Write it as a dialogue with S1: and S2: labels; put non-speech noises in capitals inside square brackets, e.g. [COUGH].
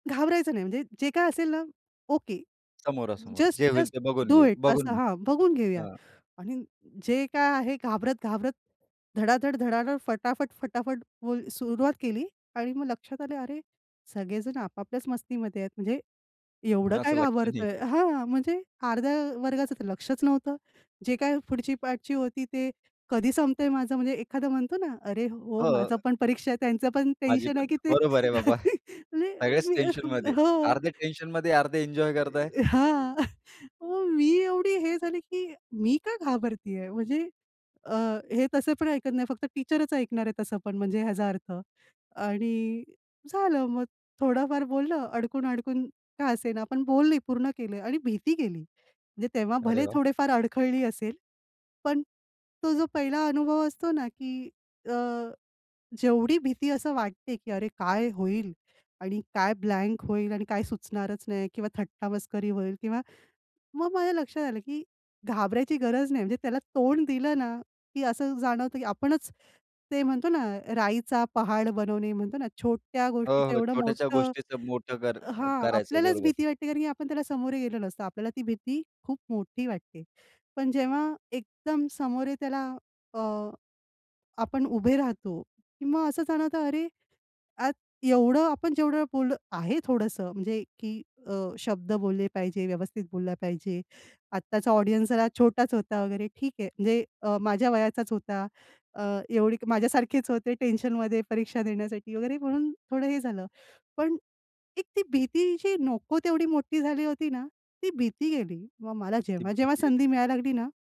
S1: घाबरायचं नाही. म्हणजे जे काही असेल ना, ओके,
S2: समोरासमोर.
S1: जस्ट
S2: जे होईल
S1: जस्ट
S2: ते बघून
S1: डू
S2: घेऊ,
S1: इट.
S2: बघून
S1: असं
S2: घेऊ.
S1: हां, बघून घेऊया
S2: हां.
S1: आणि अ, जे काय आहे घाबरत-घाबरत धडाधड-धडाधड, फटाफट-फटाफट बोल सुरुवात केली आणि मग लक्षात आलं, "अरे, सगळेजण आपापल्याच मस्तीमध्ये आहेत. म्हणजे, एवढं काय
S2: कुणाचं लक्ष नाही
S1: घाबरतोय?
S2: आहे.
S1: हां, म्हणजे अर्ध्या वर्गाचं लक्षच नव्हतं. जे काही पुढची पाठची होती ते कधी संपतंय माझं म्हणजे एखादा म्हणतो ना, "अरे हो, माझा
S2: हो.
S1: पण परीक्षा आहे त्यांचं पण
S2: माझी
S1: टेन्शन
S2: पण
S1: आहे
S2: आहे.
S1: की ते.
S2: बरोबर आहे बाबा.
S1: [CHUCKLES] मी
S2: सगळेच
S1: मी
S2: टेन्शनमध्ये.
S1: हो, अ,
S2: अर्धे
S1: अ,
S2: टेन्शनमध्ये, अर्धे एन्जॉय करत आहे.
S1: इ, अ, हां, [CHUCKLES] मग मी एवढी हे झाली की "मी का घाबरतेय?" म्हणजे अ, हे तसं पण ऐकत नाही फक्त टीचरच ऐकणार आहे तसं पण म्हणजे ह्याचा अर्थ आणि झालं मग थोडाफार बोललं अडकून-अडकून का असेना पण बोलली, पूर्ण केलं आणि भीती गेली. म्हणजे तेव्हा
S2: अरे
S1: भले
S2: वाह!
S1: थोडेफार अडखळली असेल पण तो जो पहिला अनुभव असतो ना की अ, जेवढी भीती असं वाटते की अरे काय होईल? आणि काय ब्लँक होईल आणि काय सुचणारच नाही किंवा थट्टा मस्करी होईल किंवा मग माझ्या लक्षात आलं की घाबरायची गरज नाही. म्हणजे त्याला तोंड दिलंना की असं जाणवतं की आपणच ते म्हणतो ना राईचा पहाड बनवणे म्हणतो ना छोट्या
S2: हो,
S1: गोष्टीचं
S2: हो,
S1: एवढं
S2: छोट्याशा
S1: मोठं
S2: गोष्टीचं मोठं कर
S1: हां,
S2: करायचं
S1: आपल्यालाच
S2: बरोबर.
S1: भीती वाटते कारण की आपण त्याला समोरे गेलो नसतो, आपल्याला ती भीती खूप मोठी वाटते. पण जेव्हा एकदम समोरे त्याला अ, आपण उभे राहतो, की मग असं जाणवतं, अरे, आज एवढं आपण जेवढं बोललं आहे थोडंसं म्हणजे की अ, शब्द बोलले पाहिजे, व्यवस्थित बोलला पाहिजे. आत्ताचा ऑडियन्स जरा छोटाच होता वगैरे ठीक आहे. म्हणजे अ, माझ्या वयाचाच होता. अ, एवढी माझ्यासारखेच होते टेन्शनमध्ये परीक्षा देण्यासाठी वगैरे, म्हणून थोडं हे झालं. पण एक ती भीती जी नको तेवढी मोठी झाली होती ना ती भीती गेली. मग मला
S2: ती
S1: जेव्हा-जेव्हा
S2: भीती गेली.
S1: संधी मिळायला लागली ना.